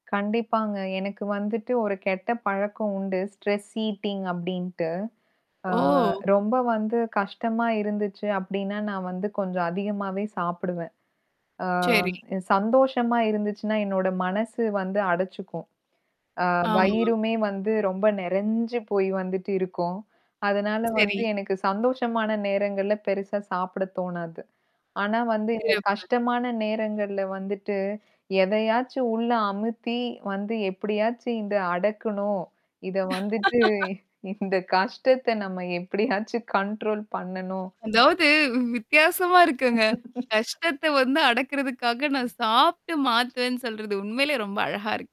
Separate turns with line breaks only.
கண்டிப்பாங்க எனக்கு வந்துட்டு ஒரு கெட்ட பழக்கம் உண்டு. ஸ்ட்ரெஸ் ஈட்டிங் அப்டின்ட்டு ஆ
ஓ!
ரொம்ப வந்து கஷ்டமா இருந்துச்சு அப்டின்னா, நான் வந்து கொஞ்சம் அதிகமாவே சாப்பிடுவேன். ஆ
சரி.
சந்தோஷமா இருந்துச்சுனா, என்னோட மனசு வந்து அடச்சுக்கும். ஆ
ஆமா.
வயிறுமே வந்து ரொம்ப நிறஞ்சு போய் வந்துட்டு இருக்கும். அதனால வந்து
சரி.
எனக்கு சந்தோஷமான நேரங்கள்ல பெரிசா சாப்பிட தோணாது. ஆனா வந்து
சரி,
இந்த
அப்பறம்
கஷ்டமான நேரங்கள்ல வந்துட்டு எதையாச்சும் உள்ள அமுத்தி வந்து எப்பிடியாச்சும் இத அடக்கணும். இத வந்துட்டு இந்த கஷ்டத்த நம்ம எப்பிடியாச்சும் கண்ட்ரோல் பண்ணனும்.
அதாவது வி வித்தியாசமா இருக்குங்க. கஷ்டத்த வந்து அடக்குறதுக்காக நான் சாப்ட்டு மாத்துவேன்னு சொல்றது உண்மையிலே ரொம்ப அழகா இருக்கு.